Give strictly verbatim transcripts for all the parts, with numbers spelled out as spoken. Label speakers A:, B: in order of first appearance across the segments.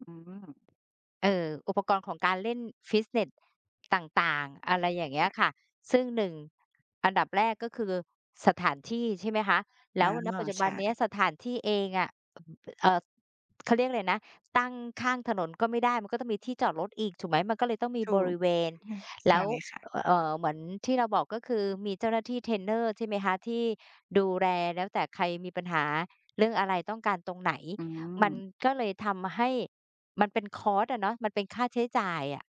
A: อืม
B: เอ่อ อุปกรณ์ของการเล่นฟิตเนส ต่าง ๆ อะไรอย่างเง
A: ค
B: ี้
A: ่
B: ย
A: ะ
B: ค่ะ ซึ่ง หนึ่ง อันดับแรกก็คือสถานที่ใช่ไหมคะ แล
A: อา
B: ้ว ณ ปัจจุ
A: ใ
B: บ
A: ช
B: ันเนี้ย
A: ่
B: สถานที่เองอะ เอ่อ เอ่อ เขาเรียกอะไรนะ ตั้งข้างถนนก็ไม่ได้มันก็ต้องมีที่จอดรถอีกถูกไหม มันก็เลยต้องมี
A: ถ
B: บ
A: ู
B: ร
A: ก
B: ิเวณ
A: ค่ะ
B: แ
A: ใ
B: ล
A: ช
B: ้
A: ่
B: ว
A: ค่ะ
B: เอ่อ เหมือนที่เราบอกก็คือมีเจ้าหน้าที่เทรนเนอร์ ใช่ไหมคะ ที่ดูแลแล้วแต่ใครมีปัญหา เรื่องอะไรต้องการตรงไหน
A: อื
B: มัน
A: ม
B: ก็เลยทำให้ มันเป็น คอสต์ อะเนาะ มันเป็นค่าใช้จ่ายอะ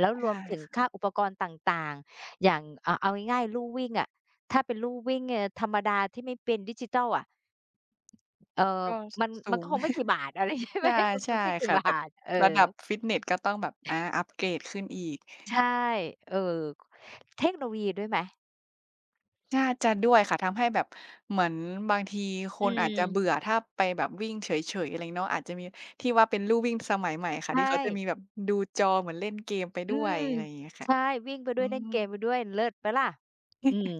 B: แล้ว
A: ใช
B: ร
A: ่
B: วมถึง
A: ค่
B: ค
A: ะ
B: ่าอุปกรณ์ต่าง ๆ อย่างอะเอาง่าย ๆ ลู่วิ่งอะ ถ้าเป็นลู่วิ่ง เอ่อ ธรรมดาที่ไม่เป็นดิจิทัลอะ เอ่อ
A: ก็
B: มัน
A: ส
B: มั
A: ู
B: นก็
A: ง
B: คงไม่กี่บาท อะไรใช่
A: ใ
B: ไ
A: ช
B: หม
A: ่
B: มัน
A: ใช
B: ค
A: ่
B: งไม่กี
A: ค
B: ่
A: ่ะ
B: บา
A: แบบ
B: ท เออ
A: ระดับฟิตเนสก็ต้องแบบ อา อัปเกรดขึ้นอีก
B: ใช่ เอ่อ เทคโนโลยีด้วยไหม?
A: น่าจะด้วยค่ะ ทำให้แบบ เหมือนบางทีค
B: อื
A: นอาจจะเบ
B: ม
A: ื่อถ้าไปแบบวิ่งเฉย ๆ อะไรงี้เนาะ อาจจะมีที่ว่าเป็นลู่วิ่งสมัยใหม่ค่
B: ใ
A: ะ
B: ช
A: ที่เขาจะมี
B: ่
A: แบบดูจอเหมือนเล่นเกมไป
B: อ
A: ด
B: ื
A: ้วย
B: ม
A: อะไรอย่างเงี้ยค
B: ใ
A: ่ะ
B: ช่ วิ่งไปด
A: อ
B: ้
A: ื
B: วยเล่น
A: ม
B: เกมไปด้วย เลิศเปล่าล่ะ อืม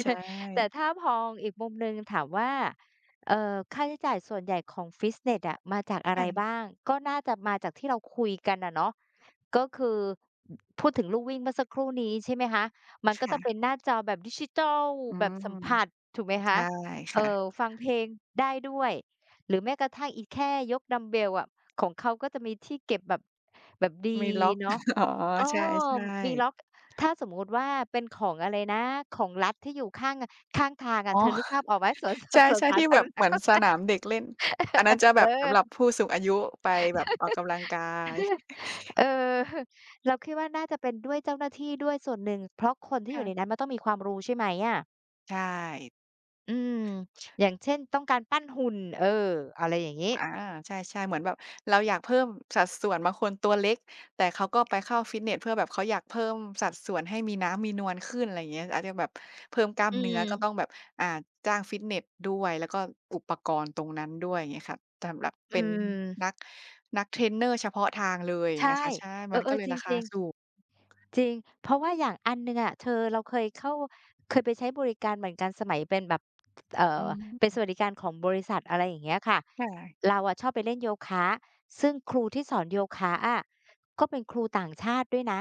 A: ใช
B: แต่
A: ่
B: ถ้าพออีกมุมหนึ่งถามว่า เอ่อ ค่าใช้จ่ายส่วนใหญ่ของฟิตเนสอะ มาจากอะ
A: ค
B: ไ
A: ่
B: รบ้
A: ะ
B: าง ก็น่าจะมาจากที่เราคุยกันอะเนาะ ก็คือ พูดถึงลู่วิ่งเมื่อสักครู่นี้ ใช่ไหมคะ มัน
A: ค
B: ก็จะ
A: ่
B: ต้องเ
A: ะ
B: ป็นหน้าจอแบบดิจิทัล
A: อื
B: แบบ
A: ม
B: สัมผัส ถูกไหมค
A: ใช
B: ะ
A: ่ค
B: เอ่
A: ่ะ
B: อ ฟังเพลงได้ด้วย หรือแม้กระทั่งอีแค่ยกดัมบ์เบลอะ ของเขาก็จะมีที่เก็บแบบ แบบดี
A: มีล็อก
B: เนาะ
A: อ๋อ
B: เออ
A: ใช่
B: มี
A: ๆ
B: ล็อก ถ้าสมมุติว่าเป็นของอะไรนะ ของรัฐที่อยู่ข้าง ข้างทางอ
A: อ
B: ะ
A: ๋อ
B: เธอนึกภาพออกไหม? สวนส
A: ใช
B: า สวน
A: ่
B: ส
A: ๆ
B: า
A: ที่
B: ธ
A: แบ
B: าร
A: บ
B: ณ
A: เห
B: ะ
A: มือนสนามเด็กเล่น อันนั้นจะ
B: เ
A: แ
B: อ
A: บบส
B: อ
A: ำหรับผู้สูงอายุไปแบบออกกำลังกาย
B: เออ เราคิดว่าน่าจะเป็นด้วยเจ้าหน้าที่ด้วยส่วนหนึ่ง เพราะคนที่
A: ค
B: อย
A: ่
B: ู่
A: ะ
B: ในนั้นมันต้องมีความรู้ ใช่ไหมอะ?
A: ใช่
B: อืม อย่างเช่น ต้องการปั้นหุ่น เออ อะไรอย่างงี้
A: อา ใช่ ๆ เหมือนแบบเราอยากเพิ่มสัดส่วนบางคนตัวเล็ก แต่เขาก็ไปเข้าฟิตเนสเพื่อแบบเขาอยากเพิ่มสัดส่วนให้มีน้ำมีนวลขึ้น ไรเงี้ย อาจจะแบบเพิ่มกล้าม
B: อื
A: เนื้อก็
B: ม
A: ต้องแบบ อ่า จ้างฟิตเนสด้วย แล้วก็อุปกรณ์ตรงนั้นด้วย เงี้ยค่ะ สำหรับ
B: อ
A: เป
B: ื
A: ็น
B: ม
A: นัก นักเทรนเนอร์เฉพาะทางเลย
B: ใช
A: เง
B: ่
A: ี้ยค่ะ ใช่
B: เอ
A: มั
B: อ
A: นก็เล
B: ๆ
A: ย
B: จ
A: ราค
B: ร
A: า
B: ิง
A: ส
B: ๆ
A: ูง
B: จริง เพราะว่าอย่างอันหนึ่งอะเธอเราเคยเข้า เคยไปใช้บริการเหมือนกันสมัยเป็นแบบ เอ่
A: อื
B: อ เป็นส
A: ม
B: วัสดิการของบริษัท อะไรอย่างเงี้ยค่ะ
A: ค่ะ
B: เราอะชอบไปเล่นโยคะ ซึ่งครูที่สอนโยคะอะ ก็เป็นครูต่างชาติด้วยนะ